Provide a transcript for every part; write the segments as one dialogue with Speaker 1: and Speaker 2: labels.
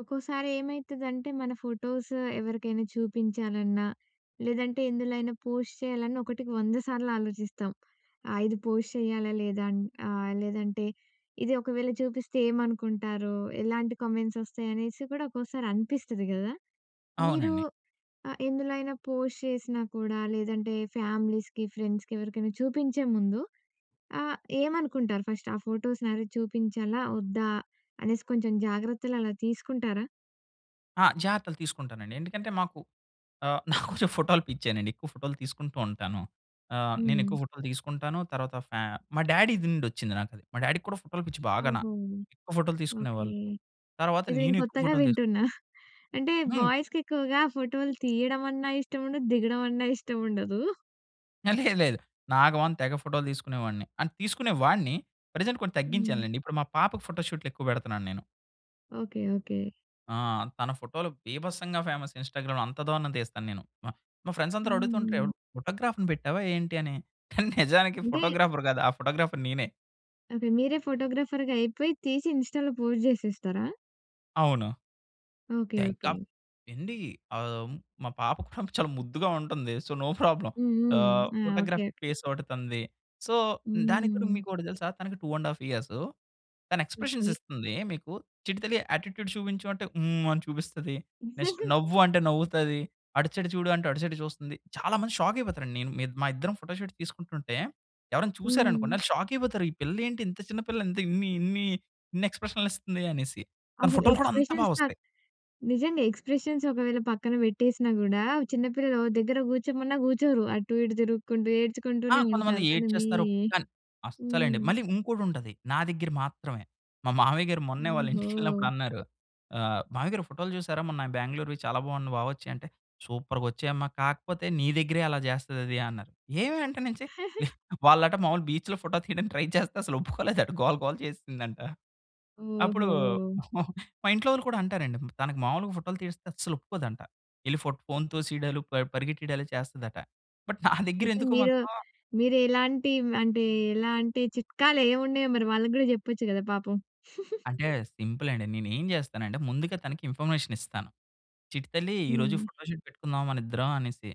Speaker 1: ఒక్కోసారి ఏమైతుందంటే మన ఫోటోసు ఎవరికైనా చూపించాలన్నా లేదంటే ఎందులో అయినా పోస్ట్ చేయాలన్నా ఒకటికి వంద సార్లు ఆలోచిస్తాం. ఆ! ఇది పోస్ట్ చేయాలా? లేదా? అని. ఆ! లేదంటే ఇది ఒకవేళ చూపిస్తే ఏమనుకుంటారో? ఎలాంటి కామెంట్స్ వస్తాయి? అనేసి కూడా ఒక్కోసారి అనిపిస్తది కదా! మీరు
Speaker 2: అవునండి.
Speaker 1: ఆ ఎందులోైనా పోస్ట్ చేసినా కూడా లేదంటే ఫామిలీస్‌కి, ఫ్రెండ్స్‌కి ఎవరికైనా చూపించే ముందు ఆ! ఏమనుకుంటారు ఫస్ట్? ఆ ఫోటోస్ నావి చూపించాలా? వద్దా? అనేసి కొంచెం జాగ్రత్తలు అలా తీసుకుంటారా?
Speaker 2: ఆ! జాగ్రత్తలు తీసుకుంటానండి. ఎందుకంటే మాకు ఆ! నాకు కొంచెం ఫోటోలు పిచ్చేనండి. ఎక్కువ ఫోటోలు తీసుకుంటూ ఉంటాను. ఆ! నేను
Speaker 1: హ్మ్.
Speaker 2: ఎక్కువ ఫోటోలు తీసుకుంటాను. తర్వాత ఫ్యా మా డ్యాడీ‌ది నుండి వచ్చింది నాకది. మా డ్యాడీకి కూడా ఫోటోలు పిచ్చి బాగాన.
Speaker 1: ఓహో!
Speaker 2: ఎక్కువ ఫోటోలు
Speaker 1: ఓకే.
Speaker 2: తీసుకునేవాళ్ళు. తర్వాత
Speaker 1: ఇది నేను
Speaker 2: నేను ఎక్కువ
Speaker 1: కొత్తగా
Speaker 2: ఫోటోలు తీసు
Speaker 1: వింటున్నా. అంటే
Speaker 2: హ్మ్.
Speaker 1: బాయ్స్‌కి ఎక్కువగా ఫోటోలు తీయడవన్నా ఇష్టం ఉండదు. దిగడవన్న ఇష్టం ఉండదు.
Speaker 2: హా! లేదు లేదు. నాగవాన్ తెగ ఫోటోలు తీసుకునే వాడిని. అండ్ తీసుకునే వాడిని ప్రజెంట్ కొంచం
Speaker 1: హ్మ్.
Speaker 2: తగ్గించానులేండి. ఇప్పుడు మా పాపకి ఫోటో షూట్‌లెక్కువ పెడుతున్నాను నేను.
Speaker 1: ఓకే. ఓకే.
Speaker 2: ఆ! తన ఫోటోలు బీభత్సంగా ఫేమస్ ఇన్‌స్టాగ్రామ్‌లో అంత దారుణం‌గా తీస్తాను నేను. మా మా ఫ్రెండ్స్ అందరూ అడుగుతుంటారు ఎవరు
Speaker 1: హ్మ్.
Speaker 2: ఫోటోగ్రాఫ్‌ని పెట్టావా ఏంటి? అని. కానీ నిజానికి
Speaker 1: అంటే
Speaker 2: ఫోటోగ్రాఫర్ కాదు ఆ ఫోటోగ్రాఫర్ నేనే.
Speaker 1: అదే మీరే ఫోటోగ్రాఫర్‌గా అయిపోయి, తీసి ఇంస్టా‌లో పోస్ట్ చేసేస్తారా?
Speaker 2: అవును.
Speaker 1: ఓకే.
Speaker 2: త్య
Speaker 1: ఓకే.
Speaker 2: కప్ ఏండి ఆహ్, మా పాప చాలా ముద్దుగా ఉంటుంది. So, no problem.
Speaker 1: హ్మ్. హ్మ్.
Speaker 2: ఆహ్,
Speaker 1: ఆ! ఓకే.
Speaker 2: Photography
Speaker 1: okay.
Speaker 2: ఫేస్ ఒకటి తనది. సో, దానికి కూడా
Speaker 1: హ్మ్.
Speaker 2: మీకు ఒకటి తెలుసా తనకి 2 ½ ఇయర్స్ తను ఎక్స్‌ప్రెషన్స్
Speaker 1: ఓకే.
Speaker 2: ఇస్తుంది. మీకు చిట్టి తల్లి యాటిట్యూడ్ చూపించు అంటే హ్మ్, అని చూపిస్తది. నెక్స్ట్ నవ్వు అంటే నవ్వుతది. అటు సైడ్ చూడు అంటే అటు సైడే చూస్తుంది. చాలా మంది షాక్ అయిపోతారు అండి నేను మీ మా ఇద్దరం ఫోటో షూట్ తీసుకుంటుంటే, ఎవరైనా చూసారనుకోండి
Speaker 1: హ్మ్.
Speaker 2: వాళ్ళు షాక్ అయిపోతారు. ఈ పిల్లేంటి ఇంత చిన్న పిల్ల ఇంత ఇన్ని ఇన్ని ఇన్ని ఎక్స్‌ప్రెషన్స్‌లు ఇస్తుంది అనేసి. తన
Speaker 1: అసలు
Speaker 2: ఫోటోలు కూడా అంత
Speaker 1: ఎక్స్‌ప్రెషన్స్
Speaker 2: బాగా వస్తాయి.
Speaker 1: నిజంగా ఎక్స్‌ప్రెషన్స్ ఒకవేళ పక్కన పెట్టేసినా కూడా, చిన్న పిల్లలు ఓ దగ్గర కూర్చోమన్నా కూర్చోరు. అటు ఇటు తిరుగుకుంటూ
Speaker 2: ఆ!
Speaker 1: ఏడ్చుకుంటూనే
Speaker 2: కొంతమంది
Speaker 1: ఉంటారు. కానీ మీ
Speaker 2: ఏడ్చేస్తారు. కానీ, అస్సలండి
Speaker 1: హ్మ్.
Speaker 2: మళ్ళీ ఇంకోటి ఉంటది. నా దగ్గర మాత్రమే మా మామయ్య‌గారు మొన్నే వాళ్ళ ఇంటికెళ్ళినప్పుడు
Speaker 1: ఓహో!
Speaker 2: అన్నారు. ఆహ్, మావయ్య‌గారు ఫోటోలు చూసారా? మొన్న బెంగుళూరు‌వి చాలా బావున్నాయి బా వచ్చాయి అంటే, సూపర్‌గా వచ్చాయమ్మా కాకపోతే, నీ దగ్గరే అలా చేస్తది అది అన్నారు. ఏమి అంటే నుంచి వాళ్ళట మామూలుగా బీచ్‌లో ఫోటో తీయడానికి ట్రై చేస్తే అసలు ఒప్పుకోలేదంట. గోల గోల చేసిందంట. అప్పుడు
Speaker 1: ఓహో!
Speaker 2: మా ఇంట్లో వాళ్ళు కూడా అంటారండి తనకి మాములుగా ఫోటోలు తీస్తే అస్సలు ఒప్పుకోదంట. ఎళ్ళి ఫోట్ ఫోన్‌తో తోసేయడాలు ప పరిగెత్తడాలు చేస్తాదంట. బట్ నా దగ్గర
Speaker 1: అయితే
Speaker 2: ఎందుకో
Speaker 1: మీరు,
Speaker 2: మాత్రం
Speaker 1: మీరు ఎలాంటి అంటే ఎలాంటి చిట్కాలు ఏమున్నాయో మరి వాళ్ళకి కూడా చెప్పొచ్చు కదా పాపం.
Speaker 2: అంటే సింపుల్ అండి. నేను ఏం చేస్తానంటే ముందుగా తనకి ఇన్ఫర్మేషన్ ఇస్తాను. చిట్టి తల్లి ఈరోజు
Speaker 1: హ్మ్.
Speaker 2: ఫోటోషూట్ పెట్టుకుందాం మన ఇద్దరం అనేసి.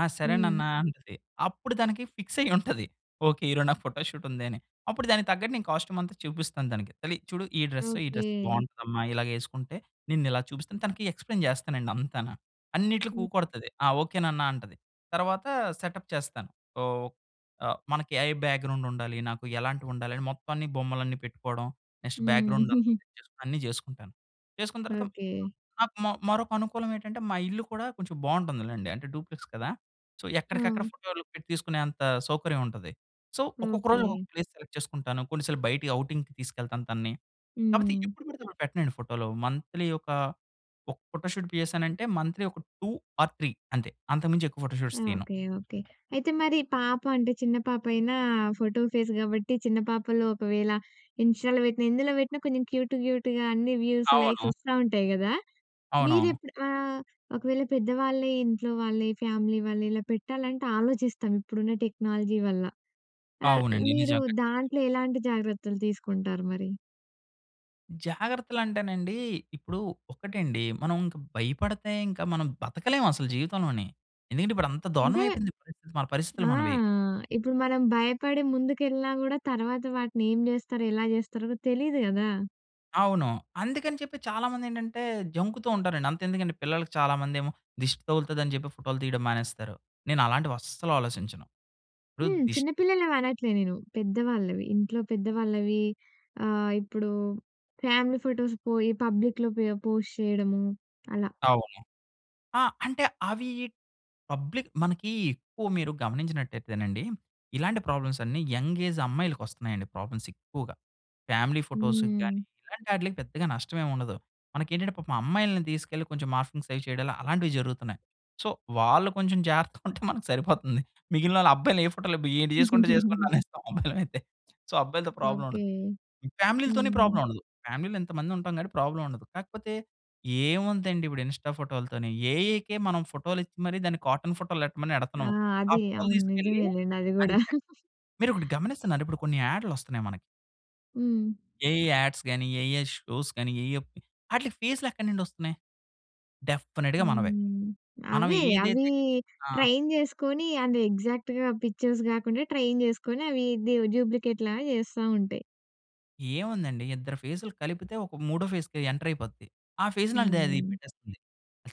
Speaker 2: ఆ! సరే
Speaker 1: హ్మ్.
Speaker 2: నాన్న అంటది. అప్పుడు తనకి ఫిక్స్ అయ్యి ఉంటది. ఓకే, ఈరోజు నాకు ఫోటోషూట్ ఉందని. అప్పుడు దానికి తగ్గట్టు నేను కాస్ట్యూమ్ అంతా చూపిస్తాను, తనకి. తల్లి చూడు ఈ డ్రెసే ఈ డ్రెస్
Speaker 1: ఓకే.
Speaker 2: బాగుంటుందమ్మా. ఇలాగేసుకుంటే, నిన్ను ఇలా చూపిస్తాను. తనకి ఎక్స్‌ప్లయిన్ చేస్తానండి అంతాన. అన్నిట్లోకి
Speaker 1: హ్మ్.
Speaker 2: ఊకొడతది. ఆ! ఓకే నాన్న అంటుంది. తర్వాత సెటప్ చేస్తాను. వో ఆహ్, మనకి ఏఐ బ్యాక్‍గ్రౌండ్ ఉండాలి. నాకు ఎలాంటివి ఉండాలి అని మొత్తాన్ని బొమ్మలన్నీ పెట్టుకోవడం. నెక్స్ట్
Speaker 1: హ్మ్.
Speaker 2: బ్యాక్‍గ్రౌండ్ అంత సేటచేసుకోవడం అన్నీ చేసుకుంటాను. చేసుకున్న తర్వాత
Speaker 1: ఓకే.
Speaker 2: నాకు మరొక అనుకూలం ఏంటంటే, మా ఇల్లు కూడా కొంచెం బావుంటుంది లెండి. అంటే డ్యూప్లెక్స్ కదా. సో, ఎక్కడికక్కడ
Speaker 1: ఆ!
Speaker 2: ఫోటోలు తీసుకునే అంత సౌకర్యం ఉంటది. సో ఒక్కొక్క రోజు
Speaker 1: ఓకే.
Speaker 2: ఒక ప్లేస్ సెలెక్ట్ చేసుకుంటాను. కొన్ని సార్లు బయటికి ఔటింగ్‌కి తీసుకెళ్తాను తనని. కాకపోతే
Speaker 1: హ్మ్.
Speaker 2: ఎప్పుడు పడితే పెట్టనండి ఫోటోలు. మంత్‌లీ ఒకా ఒక ఫోటో షూట్ చేసానంటే, మంత్‌లీ ఒక 2 ఆర్ 3 అంతే. అంతకు మించి ఎక్కువ ఫోటోషూట్స్ తీయను.
Speaker 1: Okay, okay. అయితే మరి పాప అంటే చిన్న పాప అయినా ఫోటో ఫేస్ కాబట్టి, చిన్న పాపలు ఒకవేళ ఇంస్టా‌లో పెట్టిన, ఎందులో పెట్టినా. కొంచెం క్యూట్ క్యూట్‌గా అన్ని వ్యూస్ లైక్స్
Speaker 2: అవును.
Speaker 1: వస్తా ఉంటాయి కదా! మీరు
Speaker 2: అవునవును.
Speaker 1: ఎప్పుడు ఆహ్, ఒకవేళ పెద్దవాళ్ళే ఇంట్లో వాళ్ళే ఫ్యామిలీ వాళ్ళు ఇలా పెట్టాలంటే ఆలోచిస్తాం ఇప్పుడున్న టెక్నాలజీ వల్ల. ఆహ్,
Speaker 2: అవునండి.
Speaker 1: మీరు
Speaker 2: నిజంగా కచ్చితంగా.
Speaker 1: దాంట్లో ఎలాంటి జాగ్రత్తలు తీసుకుంటారు మరి.
Speaker 2: జాగ్రత్తలంటేనండి ఇప్పుడు ఒకటండి మనం ఇంక భయపడితే ఇంకా మనం బతకలేం అసలు జీవితంలోని. ఎందుకంటే ఇప్పుడు అంత దారుణం
Speaker 1: అంటే
Speaker 2: అయిపోయింది పరిస్థితి, మన పరిస్థితులు
Speaker 1: అ!
Speaker 2: మనవి.
Speaker 1: ఇప్పుడు మనం భయపడి ముందుకెళ్ళినా గూడా తర్వాత వాటినేం జేస్తారో? ఎలా జేస్తారో? తెలీదు గదా!
Speaker 2: అవును. అందుకని చెప్పి చాలా మందేంటంటే జంకుతూ ఉంటారండి. అంతెందుకండి పిల్లలకి చాలామందేమో దిష్టి తగులుతదిని జెప్పి ఫోటోలు తీయడం మానేస్తారు. నేనలాంటివి అస్సలు ఆలోచించను. ఇప్పుడు
Speaker 1: హ్మ్.
Speaker 2: దిష్
Speaker 1: చిన్నపిల్లలనివనట్లే నేను. పెద్దవాళ్ళవి ఇంట్లో పెద్ద వాళ్ళవి. ఆహ్, ఇప్పుడు ఫ్యామిలీ ఫోటోస్ పోయి పబ్లిక్‌లో పో పోస్ట్ చేయడము అలా.
Speaker 2: అవును. ఆ అంటే అవి పబ్లిక్ మనకి ఎక్కువ మీరు గమనించినట్టయితేనండి ఇలాంటి ప్రాబ్లమ్స్ అన్నీ యంగ్ ఏజ్ అమ్మాయిలకొస్తున్నాయండి ప్రాబ్లమ్స్ ఎక్కువగా. ఫ్యామిలీ ఫోటోస్
Speaker 1: హ్మ్.
Speaker 2: గాని ఇలాంటాటిలకి పెద్దగా నష్టమేముండదు. మనకేంటంటే పాపం అమ్మాయిల్ని తీసుకెళ్ళి కొంచెం మార్ఫింగ్స్ అవి చేయడాలు అలాంటివి జరుగుతున్నాయి. సో వాళ్ళు కొంచెం జాగ్రత్తగా ఉంటే మనకు సరిపోతుంది. మిగిలినాళ్ళు అబ్బాయిని ఏ ఫోటోలు ఏంటి జేసుకుంటే జేసుకోండి అనేస్తాం అబ్బాయిలైతే. సో, అబ్బాయిలతో ప్రాబ్లమ్
Speaker 1: ఓకె.
Speaker 2: ఉండదు. ఈ ఫ్యామిలీలతోని
Speaker 1: హ్మ్.
Speaker 2: ప్రాబ్లమ్ ఉండదు. ఫ్యామిలీలో ఇంతమంది ఉంటాం కాబట్టి ప్రాబ్లమ్ ఉండదు. కాకపోతే ఏముందండి ఇప్పుడు ఇన్‌స్టా ఫోటోలతోని? ఏఐకే మనం ఫోటోలు ఇచ్చి మరి దాన్ని కాటన్ ఫోటోలెట్టమని
Speaker 1: అ!
Speaker 2: ఎడతున్నాం. ఆ
Speaker 1: అది.
Speaker 2: ఫోటోలు
Speaker 1: అవును
Speaker 2: తీసుకెళ్ళి
Speaker 1: నిజమేలెండి అది
Speaker 2: అది
Speaker 1: గూడా.
Speaker 2: చెక్ మీరొకటి గమనిస్తున్నార ఇప్పుడు కొన్ని ఆడ్‌లొస్తున్నాయి మనకి.
Speaker 1: హ్మ్.
Speaker 2: ఏఐ యాడ్స్‌ గాని, ఏఐ షోస్‌ గాని, ఏఐ ఆట్లికి ఫేసులు ఎక్కడ నుండి వస్తున్నాయి? డెఫినెట్‌గా మనవే.
Speaker 1: హ్మ్.
Speaker 2: మనం
Speaker 1: అవే. అవి
Speaker 2: ఏదైతే ఆహ్.
Speaker 1: ట్రైన్ చేసుకొని అవి ఎగ్జాక్ట్‌గా పిక్చర్స్ కాకుండా ట్రైన్ చేసుకొని అవి డ్యూ డ్యూప్లికేట్ లాగా చేస్తా ఉంటాయి.
Speaker 2: ఏముందండి. ఇద్దరు ఫేసులు కలిపితే ఒక మూడో ఫేస్‌కి ఎంటర్ అయిపోద్ది. ఆ! ఫేస్‌ని ఆ! అది
Speaker 1: హ్మ్.
Speaker 2: పెట్టేస్తుంది.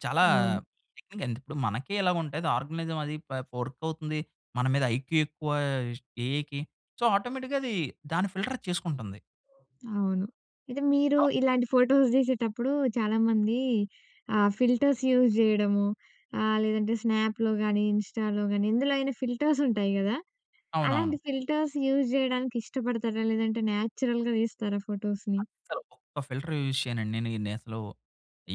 Speaker 2: చాలా
Speaker 1: అవును.
Speaker 2: టెక్నిక్ అండి. ఇప్పుడు మనకే ఇలాగుంటే, అది ఆర్గనైజం అది, ప వర్క్ అవుతుంది మన మీద ఐక్యూ ఎక్కువ ఆహ్, ఏఐకి. సో ఆటోమేటిక్‌గా అది దాన్ని ఫిల్టర్ అది చేసుకుంటుంది.
Speaker 1: అవును. ఇది మీరు ఇలాంటి ఫోటోస్ తీసేటప్పుడు చాలామంది ఆహ్, ఫిల్టర్స్ యూస్ చేయడము, ఆహ్, లేదంటే స్నాప్‌లో కాని, ఇన్‌స్టాలో కానీ, ఎందులో అయినా ఫిల్టర్స్ ఉంటాయి కదా?
Speaker 2: అవునవును.
Speaker 1: అలాంటి ఫిల్టర్స్ యూస్ చేయడానికి ఇష్టపడతారా? లేదంటే న్యాచురల్‍గా తీస్తారా ఫోటోస్‍ని?
Speaker 2: అస్సలు. ఒక్క ఫిల్టర్ యూజ్ చేయనండి. నేను ఇన్ని అసలు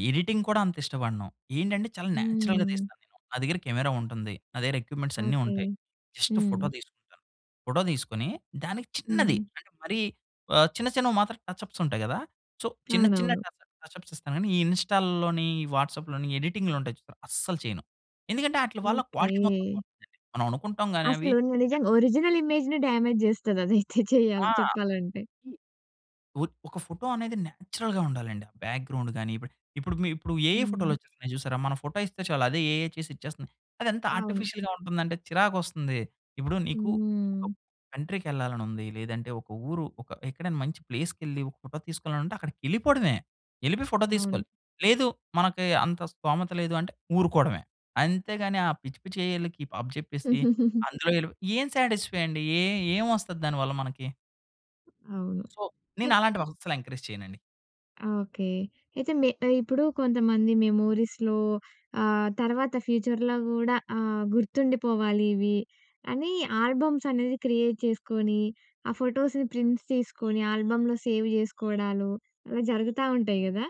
Speaker 2: ఎడిటింగ్ కూడా అంత ఇష్టపడను. ఏంటంటే చాలా న్యాచురల్‍గా
Speaker 1: హ్మ్.
Speaker 2: తీస్తా నేను, నా దగ్గర కెమెరా ఉంటుంది. నా దగ్గర ఎక్విప్‌మెంట్స్ అన్నీ
Speaker 1: ఓకే.
Speaker 2: ఉంటాయి. జస్ట్
Speaker 1: హ్మ్.
Speaker 2: ఫోటో తీసుకుంటాను. ఫోటో తీసుకొని దానికి చిన్నది,
Speaker 1: హ్మ్.
Speaker 2: అంటే మరీ ఆహ్, చిన్న చిన్నవి మాత్రం టచ్ అప్స్ ఉంటాయి కదా! సో చిన్న, చిన్న
Speaker 1: అవునవును.
Speaker 2: టచ్ అప్, టచ్ అప్స్ ఇస్తా కానీ, ఈ ఇన్‌స్టాల్‍ లోని, ఈ వాట్సాప్‍ లోని, ఎడిటింగ్‌లు ఉంటాయి చూసారా, అస్సలు చేయను. ఎందుకంటే ఆటిలవళ్ళ క్వాలిటీ మొత్తం
Speaker 1: ఓకే.
Speaker 2: పోతుందండి. మనం అనుకుంటాం కానీ అవి
Speaker 1: అసలు ని నిజంగ ఒరిజినల్ ఇమేజ్‌ని డ్యామేజ్ చేస్తది అది. చే
Speaker 2: ఆ!
Speaker 1: చేయాలి చెప్పాలంటే.
Speaker 2: ఈ ఒద్ ఒక ఫోటో అనేది నేచురల్‌గా ఉండాలండి. ఆ బ్యాక్‌గ్రౌండ్ గాని. ఇప్పు ఇప్పుడు మీ ఇప్పుడు ఏఐ ఫోటోలు
Speaker 1: హ్మ్.
Speaker 2: వచ్చేస్తున్నాయి చూసారా. మన ఫోటో ఇస్తే చాలు అదే ఏఐ చేసి ఇచ్చేస్తుంది. అది ఎంత
Speaker 1: అవును.
Speaker 2: ఆర్టిఫిషియల్‌గా ఉంటుందంటే, చిరాకు వస్తుంది. ఇప్పుడు నీకు ఒక
Speaker 1: హ్మ్.
Speaker 2: కంట్రీకి ఎళ్ళాలని ఉంది, లేదంటే ఒక ఊరు ఒక ఎక్కడైనా మంచి ప్లేస్‌కెళ్ళి, ఒక ఫోటో తీసుకోవాలంటే అక్కడికి ఎళ్ళిపోవడమే. ఎళ్ళిపోయి ఫోటో
Speaker 1: అవును.
Speaker 2: తీసుకోవాలి, లేదు మనకి అంత స్తోమత లేదు అంటే ఊరుకోడవే. అంతేగాని ఆ! పిచ్చి పిచ్చి ఏఐ లకి అప్పజెప్పేసి అందులో ఎళ్లిపోయి, ఏం సాటిస్ఫై అండి? ఏ ఏం వస్తది దాని వల్ల మనకి?
Speaker 1: అవును.
Speaker 2: సో, నేనలాంటివహస్సలెంకరేజ్ చెయనండి.
Speaker 1: ఓకే. అయితే, మె ఆహ్, ఇప్పుడూ కొంతమంది మెమోరీస్‍లో ఆహ్, తర్వాత ఫ్యూచర్‍లో గూడా ఆహ్, గుర్తుండిపోవాలివి అనీ ఆల్బమ్సనేది క్రియేట్ చేసుకోనీ, ఆ ఫోటోస్‌ని ప్రింట్స్ తీసుకోనీ ఆల్బమ్‍‌లో సేవ్ చేసుకోడాలు, అలా జరుగుతా ఉంటాయి గదా?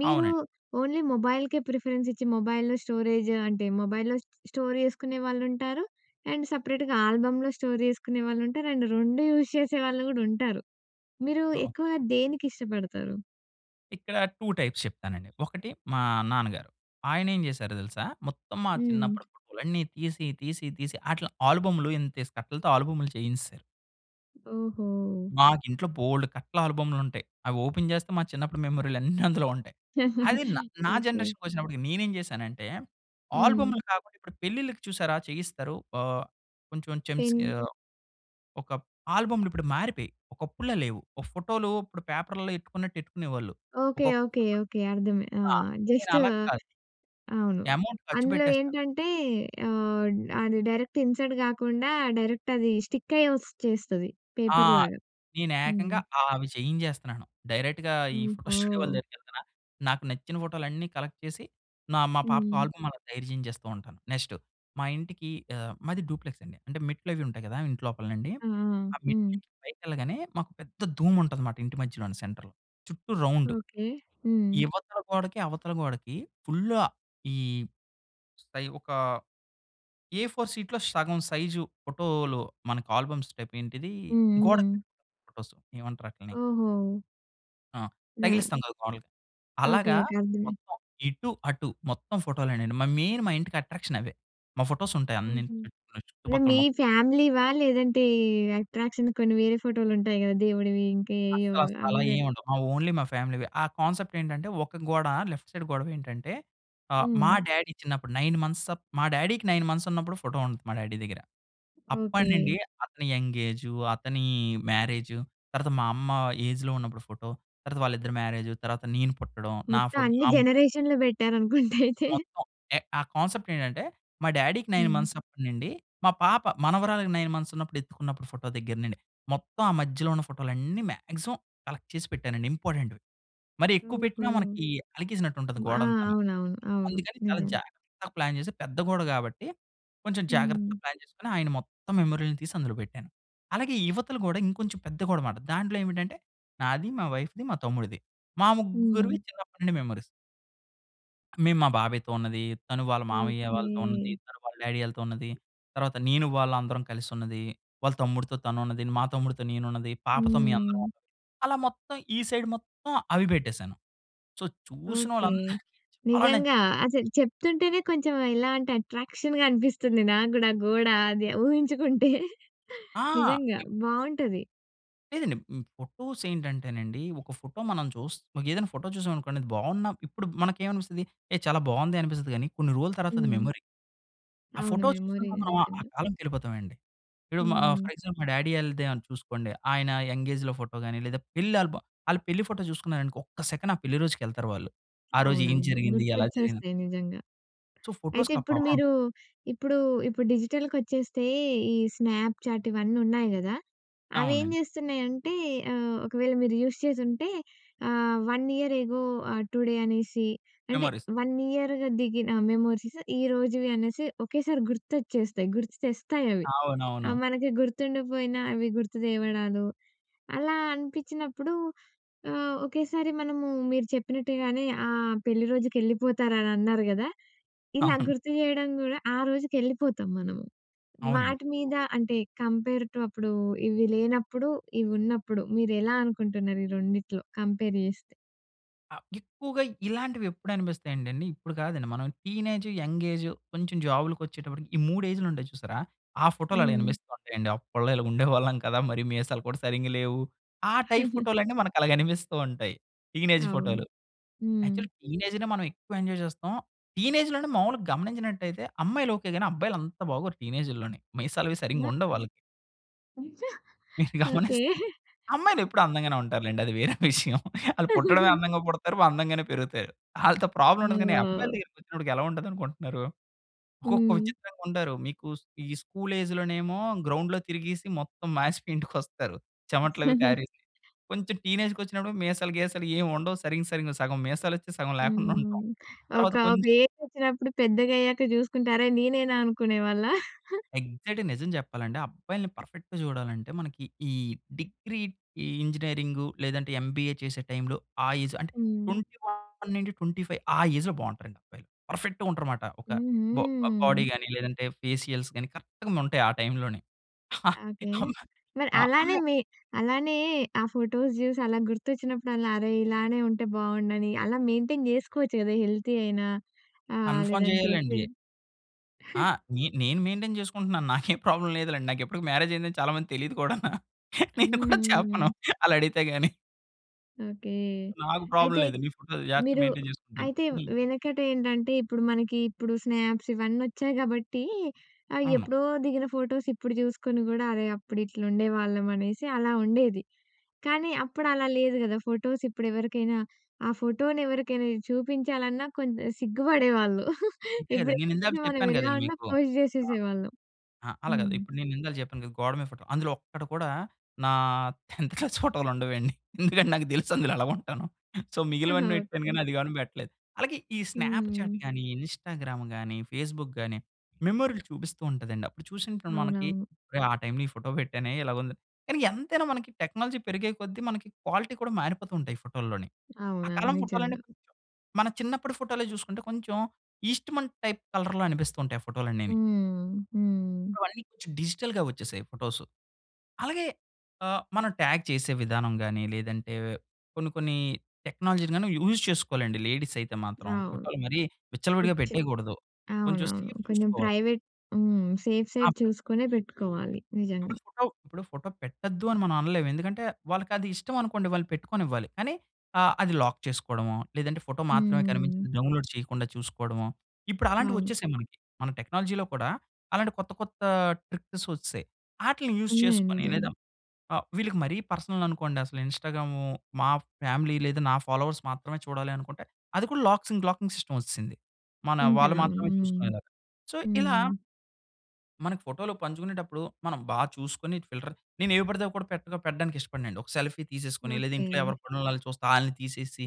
Speaker 1: మీరూ
Speaker 2: అవునండి.
Speaker 1: ఓన్లీ మొబైల్‍కే ప్రిఫరెన్సిచ్చి, మొబైల్‌లో స్టోరేజ్ అంటే, మొబైల్‍లో స్ స్టోర్ చేసుకునే వాళ్ళుంటారు, అండ్ సెపరేట్‌గా ఆల్బమ్‌లో స్టోర్ చేసుకునే వాళ్ళుంటారు, అండ్ 2 యూస్ చేసేవాళ్ళు గూడా ఉంటారు. మీరూ
Speaker 2: ఓహ్!
Speaker 1: ఎక్కువా దేనికిష్టపడతారు?
Speaker 2: ఇక్కడ 2 టైప్స్ చెప్తానండి. ఒకటి మా నాన్నగారు, ఆయనేం జేశారో తెలుసా? మొత్తం మా
Speaker 1: హ్మ్.
Speaker 2: చిన్నప్పుడు ఫోటోలన్ని తీసి, తీసి, తీసి, అట్లా ఆల్బమ్‌లు, ఇంతేసి కట్టలతో ఆల్బమ్‌లు చేయించేశారు.
Speaker 1: ఓహో!
Speaker 2: మాకింట్లో బోలెడు కట్ల ఆల్బమ్‌లుంటాయి. అవోపెన్ చేస్తే మా చిన్నప్పుడు మెమోరీలన్నీ అందులో ఉంటాయి. అది న నా
Speaker 1: ఓకే.
Speaker 2: జనరేషన్‌కొచ్చినప్పటికి నేనేం చేశానంటే,
Speaker 1: హ్మ్.
Speaker 2: ఆల్బమ్‌లు కాకుండా ఇప్పుడు పెళ్ళిళ్ళకి చూశారా చెయ్యిస్తారు. ఆహ్, కొంచం చెమ్స్
Speaker 1: పిన్.
Speaker 2: ఆహ్, ఒకప్ ఆల్బమ్‌లిప్పుడు మారిపోయాయి, ఒకప్పుడులా లేవు. ఓ ఫోటోలు ఇప్పుడు పేపరుల్లో ఎట్టుకున్నట్టు ఎట్టుకునేవాళ్ళు.
Speaker 1: ఓకే.
Speaker 2: ఒకొ
Speaker 1: ఓకే.
Speaker 2: [unintelligible]
Speaker 1: ఓకే. అర్థమ ఆ!
Speaker 2: ఆ! నేను
Speaker 1: జస్ట్
Speaker 2: అలాగ కాదు.
Speaker 1: అవును.
Speaker 2: ఎమౌంట్
Speaker 1: అందులో
Speaker 2: ఖచ్చుపెట్టేస్తా.
Speaker 1: ఏంటంటే, ఆహ్, అది డైరెక్ట్‌ ఇన్సర్ట్ గాకుండా డైరెక్టది స్టిక్కయి ఒచ్చేస్తది
Speaker 2: ఆ!
Speaker 1: పేపర్‌లాగా. హ్మ్.
Speaker 2: నేనేకంగా ఆవి చేయించేస్తన్నాను. డైరెక్ట్‌గా ఈ ఫోటో స్టూడియో వాళ్ళ
Speaker 1: ఓహో!
Speaker 2: దగ్గరికెళ్తన్నా, నాకు నచ్చిన ఫోటోలన్నీ కలక్ట్ చేసి, నా మా పాపకు
Speaker 1: హ్మ్.
Speaker 2: ఆల్బమ్మలా తయారు చేయించేస్తూ ఉంటాను. నెక్స్ట్ మా ఇంటికి ఆహ్, మాది డూప్లెక్సండి. అంటే మెట్లవి ఉంటాయి గదా ఇంట్లోపలనండి,
Speaker 1: ఆహా!
Speaker 2: ఆ
Speaker 1: హ్మ్.
Speaker 2: మెట్లెక్కి పైకెళ్ళగానే మాకు పెద్ద ధూముంటదమాట ఇంటి మధ్యలోని, సెంటర్‌లో. చుట్టూ రౌండు.
Speaker 1: ఓకే. హ్మ్.
Speaker 2: ఇవతల గోడకి, అవతల గోడకి ఫుల్ల ఈ పై ఒకా ఎ ఫోర్ షీట్‌లో సగం సైజు ఫోటోలు, మనకు ఆల్బమ్స్ టైపేంటిదీ?
Speaker 1: హ్మ్.
Speaker 2: గోడకు
Speaker 1: హ్మ్.
Speaker 2: పెట్టుకునే ఫోటోస్, ఏమంటారాటిలిని?
Speaker 1: ఓహో!
Speaker 2: ఆ!
Speaker 1: యాహ్!
Speaker 2: తగిలిస్తాం కదా! గోడలకి.
Speaker 1: ఓకె.
Speaker 2: అలాగా
Speaker 1: ఓకె. అర్థమయింది.
Speaker 2: మొత్తం ఇటు అటు మొత్తం ఫోటోలెనండి. మరి మెయిన్ మా ఇంటికి అట్రాక్షన్ అవే. మా ఫోటోస్ ఉంటాయి అన్ని
Speaker 1: ఓహో!
Speaker 2: చుట్టూ
Speaker 1: అదే
Speaker 2: చుట్టుపక్కల
Speaker 1: మీ
Speaker 2: మొత్తం.
Speaker 1: ఫ్యామిలీవా లేదంటే ఈ అట్రాక్షన్‌కి కొన్ని వేరే ఫోటోలు ఉంటాయి కదా! దేవుడివి ఇంకెయేయొ
Speaker 2: అస్సలు అసలు
Speaker 1: అవి
Speaker 2: అలా
Speaker 1: పెడ్
Speaker 2: ఏమి ఉండవు. మా ఓన్లీ మా ఫ్యామిలీవే. ఆ కాన్సెప్ట్ ఏంటంటే ఒక గోడ లెఫ్ట్ సైడ్ గొడవి ఏంటంటే ఆ! మా
Speaker 1: హ్మ్.
Speaker 2: డ్యాడీ చిన్నప్పుడు 9 మంత్స్ మా డ్యాడీకి 9 మంత్స్ ఉన్నప్పుడు ఫోటో ఉంటది మా డ్యాడీ దగ్గర. అప్పటి
Speaker 1: ఓకె.
Speaker 2: నుండి అతని యంగ్ ఏజు, అతని మ్యారేజు, తర్వాత మా అమ్మ ఏజ్‌లో ఉన్నప్పుడు ఫోటో తర్వాత వాళ్ళిద్దరి మ్యారేజ్, తర్వాత నేను పుట్టడం నా
Speaker 1: మొత్తం
Speaker 2: ఫోటో
Speaker 1: అన్ని
Speaker 2: నా
Speaker 1: జనరేషన్‌లు పెట్టారనుకుంట అయితే.
Speaker 2: మొత్తం ఎ ఆ కాన్సెప్ట్ ఏంటంటే మా డ్యాడీకి 9
Speaker 1: హ్మ్.
Speaker 2: మంత్స్ అప్పటి నుండి, మా పాప మనవరాలకి 9 మంత్స్ ఉన్నప్పుడు ఎత్తుకున్నప్పుడు ఫోటో దగ్గర నుండి మొత్తం ఆ మధ్యలో ఉన్న ఫోటోలన్నీ మాక్సిమం కలెక్ట్ చేసి పెట్టానండి ఇంపార్టెంట్‌వి. మరి ఎక్కువ
Speaker 1: ఓహో!
Speaker 2: పెట్టినా మనకి అలకేసినట్టు ఉంటుంది
Speaker 1: ఆ!
Speaker 2: గోడంతాను.
Speaker 1: అవునవును. అవును,
Speaker 2: అందుకని చాలా
Speaker 1: నిజం.
Speaker 2: జాగ్రత్తగా ప్లాన్ చేసి పెద్ద గోడ కాబట్టి కొంచెం
Speaker 1: హ్మ్.
Speaker 2: జాగ్రత్తగా ప్లాన్ చేసుకొని ఆయన మొత్తం మెమరీలు తీసి అందులో పెట్టాను. అలాగే ఇవతల గోడ ఇంకొంచెం పెద్ద గోడనమాట. దాంట్లో ఏమిటంటే నాది, మా వైఫ్‌ది, మా తమ్ముడిది మా
Speaker 1: హ్మ్.
Speaker 2: ముగ్గురివి చిన్నప్పటి నుండి మెమోరీస్. మేము మా బాబాయ్‌తో ఉన్నది, తను వాళ్ళ మామయ్య
Speaker 1: ఓకే.
Speaker 2: వాళ్ళతో ఉన్నది, తను వాళ్ళ డ్యాడీ వాళ్ళతో ఉన్నది, తర్వాత నేను వాళ్ళందరం కలిసి ఉన్నది, వాళ్ళ తమ్ముడితో తను ఉన్నది, మా తమ్ముడితో నేను ఉన్నది, పాపతో మే అందరం
Speaker 1: హ్మ్.
Speaker 2: అలా మొత్తం ఈ సైడ్ మొత్తం అవి పెట్టేసాను. So
Speaker 1: okay.
Speaker 2: చూసినోళ్ళందరికి చాలా
Speaker 1: నిజంగ.
Speaker 2: నచ్చేసాయవి.
Speaker 1: అసలు చెప్తుంటేనే కొంచెం ఇలాంటి అట్రాక్షన్‌గా అనిపిస్తుంది నాకు గూడ గోడ అది ఊహించుకుంటే
Speaker 2: ఆ!
Speaker 1: నిజంగా బావుంటది.
Speaker 2: లేదండి. మ్ ఫోటోస్ ఏంటంటేనండి ఒక ఫోటో మనం చూస్ ఏదైనా ఫోటో చూసాం అనుకోండి అది బావున్న ఇప్పుడు మనకేమనిపిస్తుంది ఏ చాలా బావుందె అనిపిస్తది గానీ కొన్ని రోజుల తర్వాత అది
Speaker 1: హ్మ్.
Speaker 2: మెమొరీ. ఆ
Speaker 1: అవును.
Speaker 2: ఫోటో చూసినప్పుడు
Speaker 1: మెమొరీయె
Speaker 2: మనం
Speaker 1: నిజంగ.
Speaker 2: ఆ కాలంకెళ్ళిపోతామండి. ఇప్పుడు మా
Speaker 1: హ్మ్.
Speaker 2: ఫర్ ఎగ్జాంపుల్ మా డ్యాడీ ఆళ్ళదే అన్ చూసుకోండి. ఆయన యంగ్ఏజ్‌లో ఫోటో గాని లేదా పెళ్ళి ఆల్భమ్ ఆళ్ళ పెళ్లి ఫోటో చూసుకున్నారనుకో ఒక్క సెకండ్ ఆ పెళ్ళి రోజుకి ఎళ్తారు వాళ్ళు. ఆ రోజు ఏం
Speaker 1: అవునవును.
Speaker 2: జరిగింది? ఎలా జరిగిన
Speaker 1: గుర్తొచ్చేస్తాయి నిజంగ.
Speaker 2: సో
Speaker 1: అయితే
Speaker 2: ఫోటోస్‌కా
Speaker 1: ఇప్పుడు
Speaker 2: పవర్
Speaker 1: మీరు
Speaker 2: ఉంటది.
Speaker 1: ఇప్పుడు ఇప్పుడు డిజిటల్‍కొచ్చేస్తే ఈ స్నాప్‌చాట్ ఇవన్నున్నాయి గదా! అవి ఏం
Speaker 2: అవునండి.
Speaker 1: జేస్తున్నాయంటే ఆహ్, ఒకవేళ మీరు యూజ్ చేసుంటే ఆహ్, 1 ఇయర్ ఎగో ఆహ్, టుడే అనేసి అంటే
Speaker 2: మెమరీస్.
Speaker 1: 1 ఇయర్‌గా దిగిన మెమోరీస్ ఈ రోజువి అనేసి ఒకేసారి గుర్తొచ్చేస్తాయి. గుర్తుతెస్తాయవి.
Speaker 2: అవునవును.
Speaker 1: అవి మనకి గుర్తుండకపోయినా అవి గుర్తు తేవడాలు అలా అనిపించినప్పుడు ఆహ్, ఒకేసారి మనము మీరు చెప్పినట్టుగానే ఆ పెళ్ళి రోజుకెళ్ళిపోతారని అన్నారు గదా! ఇలా
Speaker 2: అవును.
Speaker 1: గుర్తు జేయడం గూడా ఆ రోజుకెళ్ళిపోతాము మనము.
Speaker 2: అవునండి.
Speaker 1: వాటి మీద అంటే కంపేర్‌‌ టు అప్పుడు ఇవి లేనప్పుడు ఇవున్నప్పుడు మీరు ఎలా అనుకుంటున్నారు ఈ రెండిట్లో కంపేర్ జేస్తే?
Speaker 2: ఆహ్, ఎక్కువగా ఇలాంటివెప్పుడనిపిస్తాయంటే అండి, ఇప్పుడు కాదండి. మనం టీనేజ్ యంగేజు కొంచెం జాబ్‌లకొచ్చేటప్పటికి, ఈ 3 ఏజ్‌లుంటాయి చూశారా? ఆ ఫోటోలు అలా
Speaker 1: హ్మ్.
Speaker 2: అనిపిస్తో ఉంటాయండి. అప్పళ్ళో ఇలా ఉండేవాళ్ళం కదా! మరీ మీసాలు కూడా సరింగ లేవు. ఆ టైప్ ఫోటోలన్నీ, మనకలాగ అనిపిస్తూ ఉంటాయి. టీనేజ్
Speaker 1: అవును.
Speaker 2: ఫోటోలు.
Speaker 1: హ్మ్.
Speaker 2: యాక్చువల్లీ టీనేజ్‌నే మనం ఎక్కువ ఎంజోయ్ చేస్తాం. టీనేజ్‌లోనే మాములుగా గమనించినట్టయితే, అమ్మాయిలు ఓకే గాని, అబ్బాయిలంత బాగోరు టీనేజుల్లోని. మీసాలవీ
Speaker 1: హ్మ్.
Speaker 2: సరింగుండవు వాళ్ళకి...
Speaker 1: ఉంచ
Speaker 2: మీరు
Speaker 1: ఓకె.
Speaker 2: గమనిస్తే. అమ్మాయిలెప్పుడూ అందంగానే ఉంటారు లెండి. అది వేరే విషయం. ఆళ్ళు పుట్టడమే అందంగా పుడతారు, అందంగానే పెరుగుతారు. ఆళ్ళతో ప్రాబ్లమ్ ఉండదు. కానీ, అబ్బాయిల
Speaker 1: ఓహ్!
Speaker 2: దగ్గరికొచ్చినప్పటికి ఎలా ఉంటుందనుకొంటున్నారు? ఒక్కొక్క
Speaker 1: హ్మ్.
Speaker 2: విచిత్రంగుంటారు. మీకు స్ ఈ స్కూల్ ఏజ్‌లోనేమో, గ్రౌండ్‍లో తిరిగీసి, మొత్తం మాసిపోయి ఇంటికొస్తారు. చెవట్లవి కారేసి. కొంచెం టీనేజ్‌కొచ్చినప్పుడేమో మీసాలు, గీసాలు ఏం ఉండవు. సరింగా సరింగా సగం మీసాలొచ్చి, సగం లేకుండ
Speaker 1: హ్మ్.
Speaker 2: ఉంటాం.
Speaker 1: ఒక
Speaker 2: తర్వాత
Speaker 1: ప్
Speaker 2: కొంచెం
Speaker 1: ఏజొచ్చినప్పుడు పెద్దగయ్యాక జూసుకుంటే, అరే! నీనేనా అనుకునేవాళ్ళా?
Speaker 2: ఎగ్జాక్ట్‌గా నిజం చెప్పాలంటే, అబ్బాయిల్ని పర్ఫెక్ట్‌ జూడాలంటే, మనకి ఈ డిగ్రీ, ఈ ఇంజినీరింగు లేదంటే ఎంబీఏ చేసే టైంలో, ఆ ఏజు అంటే,
Speaker 1: హ్మ్.
Speaker 2: 21-25 ఆ ఏజ్‌లో బావుంటారండి అబ్బాయిలు. పర్ఫెక్ట్‌గా ఉంటారు మాట. ఒక
Speaker 1: హ్మ్.
Speaker 2: బొ ఆహ్, బోడీ
Speaker 1: హ్మ్.
Speaker 2: గాని, లేదంటే ఫేసియల్స్ కాని కరెక్ట్‌గుండుంటాయి ఆ టైంలోనే.
Speaker 1: ఆ! ఓకే.
Speaker 2: అవునా?
Speaker 1: మరి
Speaker 2: ఆ
Speaker 1: అలానే, మి అలానే ఆ ఫోటోస్ జూసలా గుర్తొచ్చినప్పుడలా అరే! ఇలానే ఉంటే బావుండునని. అలా మెయింటైన్ జేసుకోవచ్చు కదా, హెల్తీ అయినా. ఆహ్,
Speaker 2: కన్‌ఫర్మ్
Speaker 1: లేదంటే,
Speaker 2: జేయాలండి.
Speaker 1: ఫిజి
Speaker 2: అహా! నే నేను మెయింటైన్ చేసుకుంటున్నాను నాకేం ప్రాబ్లమ్ లేదులెండి. నాకిప్పటికి మ్యారేజయిందని చాలా మందికి తెలియదు కూడాన.
Speaker 1: హ్మ్.
Speaker 2: నేను కూడా
Speaker 1: హ్మ్. హ్మ్.
Speaker 2: చెప్పను. ఆళ్ళడిగితే గాని.
Speaker 1: ఓకే.
Speaker 2: నాకు ప్రాబ్లం
Speaker 1: అయితే,
Speaker 2: లేదు. నీ ఫోటో జాగ్రతగా
Speaker 1: మీరు
Speaker 2: మెయింటేన్ చేసుకుంటేను.
Speaker 1: అయితే
Speaker 2: హ్మ్.
Speaker 1: వెనకట ఏంటంటే, ఇప్పుడు మనకి ఇప్పుడు స్నాప్స్ ఇవన్నీ ఒచ్చాయి కాబట్టి, ఆ!
Speaker 2: అవును.
Speaker 1: ఎప్పుడో దిగిన ఫోటోస్ ఇప్పుడు చూసుకొని కూడా అరే! అప్పుడు ఇట్లుండేవాళ్ళం అనేసి అలా ఉండేది. కానీ అప్పుడు అలా లేదు కదా! ఫోటోసు ఇప్పుడు ఎవరికైనా ఆ! ఫోటోను ఎవరికైనా చూపించాలన్నా కొంత సిగ్గుపడేవాళ్ళుం.
Speaker 2: అంతే
Speaker 1: ఇప్పుడు
Speaker 2: కదండి. నేను ఇందాక
Speaker 1: లేదు మనం
Speaker 2: చెప్పాను
Speaker 1: ఎలా
Speaker 2: కదండి
Speaker 1: ఉన్నా
Speaker 2: మీకు.
Speaker 1: పోస్ట్
Speaker 2: ఆ!
Speaker 1: చేసేసేవాళ్ళం.
Speaker 2: ఆహ్, అలా కాదు
Speaker 1: హ్మ్.
Speaker 2: ఇప్పుడు నేను ఇందాల చెప్పాను గదా, గోడ మీద ఫోటో. అందులో ఒక్కటి కూడా నా 10త్ క్లాస్ ఫోటోలు ఉండవండి. ఎందుకంటే నాకు తెలుసు అందులో ఎలా ఉంటానో. సో మిగిలినవన్నీటి కానీ
Speaker 1: ఓకే.
Speaker 2: అది గాని పెట్టలేదు అలాగే ఈ స్నాప్‌చాట్
Speaker 1: హ్మ్.
Speaker 2: గానీ, ఇన్‌స్టాగ్రామ్ గానీ, ఫేస్‌బుక్ గానీ. మెమోరీలు చూపిస్తూ ఉంటదండి. అప్పుడు చూషినప్పుడు మనకి
Speaker 1: అవునవును.
Speaker 2: ఒరేయ్! ఆ టైమ్‌లో ఈ ఫోటో పెట్టానే ఇలాగుంది. కానీ ఎంతైనా మనకి టెక్నాలజీ పెరిగే కొద్దీ మనకి క్వాలిటీ కూడా మారిపోతుంటాయి ఫోటోల్లోని. ఆ
Speaker 1: అవునా?
Speaker 2: కాలం ఫోటోలన్నీ
Speaker 1: నిజంగా.
Speaker 2: కొంచెం మన చిన్నప్పడు ఫోటోలో చూసుకుంటే, కొంచెం ఈస్ట్‌మన్ టైప్ కలర్‌లో అనిపిస్తూ ఉంటాయి ఫోటోలన్నీని.
Speaker 1: హ్మ్. హ్మ్.
Speaker 2: ఇప్పుడు అన్నీ కొంచెం డిజిటల్‌గా వచ్చేసాయి ఫోటోసు. అలాగే ఆహ్, మనం టాగ్ చేసే విధానం గాని లేదంటే కొన్ని కొన్ని టెక్నాలజీలని యూజ్ చేసుకోలండి లేడీస్ అయితే మాత్రం.
Speaker 1: అవును.
Speaker 2: ఫోటోలు మరి విచ్చలవిడిగా
Speaker 1: [unintelligible]
Speaker 2: పెట్టేయకూడదు. కొంచెం
Speaker 1: అవునవును.
Speaker 2: సేఫ్
Speaker 1: కొంచెం
Speaker 2: చూసుకోవాలి.
Speaker 1: ప్రైవేట్ హ్మ్. సేఫ్ సైడ్
Speaker 2: [unintelligible]
Speaker 1: చూసుకొనే పెట్టుకోవాలి
Speaker 2: ఇప్పుడు
Speaker 1: నిజంగా.
Speaker 2: ఫోటో, ఇప్పుడు ఫోటో పెట్టొద్దు అని మనం అనలేం. ఎందుకంటే వాళ్ళకది ఇష్టం అనుకోండి, వాళ్ళు పెట్టుకొనివ్వాలి. కానీ ఆహ్, అది లాక్ చేసుకోవడమో, లేదంటే ఫోటో మాత్రమే
Speaker 1: హ్మ్.
Speaker 2: కనిపించింది డౌన్‌లోడ్ చేయకుండా చూసుకోవడమో, ఇప్పుడు అలాంటివి
Speaker 1: అవును.
Speaker 2: వచ్చేసాయి మనకి. మన టెక్నాలజీలో కూడా అలాంటి కొత్త, కొత్త ట్రిక్స్ వచ్చేసాయి. ఆటిల్ని యూజ్
Speaker 1: ఉన్నయి.
Speaker 2: చేసుకొని లేదా
Speaker 1: నిజంగా.
Speaker 2: ఆహ్, వీళ్ళకి మరీ పర్సనల్ అనుకోండి, అసలు ఇన్‌స్టాగ్రాము, మా ఫ్యామిలీ లేదు, నా ఫాలోవర్స్ మాత్రమే చూడాలి అనుకుంటే అది కూడా లాక్సింగ్, లాకింగ్ సిస్టమ్ వచ్చేసింది. మన వాళ్ళు
Speaker 1: ఉంటది. అవును.
Speaker 2: మాత్రమే
Speaker 1: హ్మ్.
Speaker 2: చూసుకునేలాగా. సో ఇలా
Speaker 1: హ్మ్.
Speaker 2: మనకి ఫోటోలు పంచుకునేటప్పుడు మనం బా చూసుకొని ఫిల్టర్ నేను ఎవి పడితే అవీ కూడా పెద్దగా పెట్టడానికి ఇష్టపడనండి. ఒక సెల్ఫీ తీసేసుకొని, లేదా ఇంట్లో
Speaker 1: ఓకే.
Speaker 2: ఎవరి పనుల్లోవాళ్ళు చూస్తా ఆళ్ళని తీసేసి.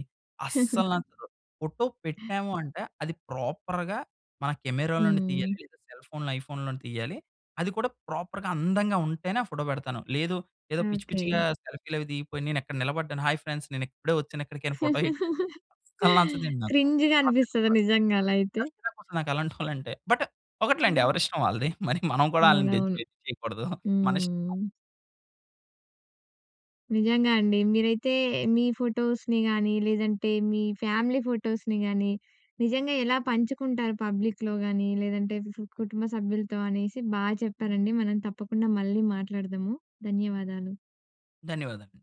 Speaker 2: అస్సల నాకు ఫోటో పెట్టాము అంటే అది ప్రాపర్‌గా మన కెమెరాలనుండి తీయాలి.
Speaker 1: హ్మ్.
Speaker 2: లేదా సెల్ ఫోన్‌లో, ఐఫోన్‌ లోనే తీయ్యాలి. అది కూడా ప్రాపర్‌గా, అందంగా ఉంటేనే ఆ ఫోటో పెడతాను. లేదు ఏదో పిచ్చి
Speaker 1: ఓకే.
Speaker 2: పిచ్చిగా సెల్ఫీలు అవి దిగిపోయి, నేను ఎక్కడ నిలబడ్డాను హాయి ఫ్రెండ్స్ నేను ఇప్పుడే వచ్చాను ఇక్కడికని, ఫోటో [unintelligible] అస్సలు నచ్చదండి నాకు.
Speaker 1: క్రింజ్‌గా అనిపిస్తది.
Speaker 2: నాకెక్కువ,
Speaker 1: నిజంగా అలా అయితే?
Speaker 2: నాకు చిరాకొస్తది అలాంటోలంటే. బట్ ఒకటిలేండి,
Speaker 1: హ్మ్.
Speaker 2: ఎవరి ఇస్టం వాలదీ. మరి మనం కూడా ఆళ్ళని జడ్జ్,
Speaker 1: అవునవును.
Speaker 2: జడ్జ్ చేయకుడదు. మన ఇస్టం.
Speaker 1: హ్మ్. నిజంగా అండి. మీరైతే మీ ఫోటోస్‌ని గాని, లేదంటే మీ ఫ్యామిలీ ఫోటోస్‍ని గానీ, నిజంగా ఎలా పంచుకుంటారు పబ్లిక్‌లో గానీ? లేదంటే ఫూ కుటుంబ సభ్యులతో అనేసి బా చెప్పారండి. మనం తప్పకుండా మళ్ళీ మాట్లాడదము. ధన్యవాదాలు!
Speaker 2: ధన్యవాదాలండి.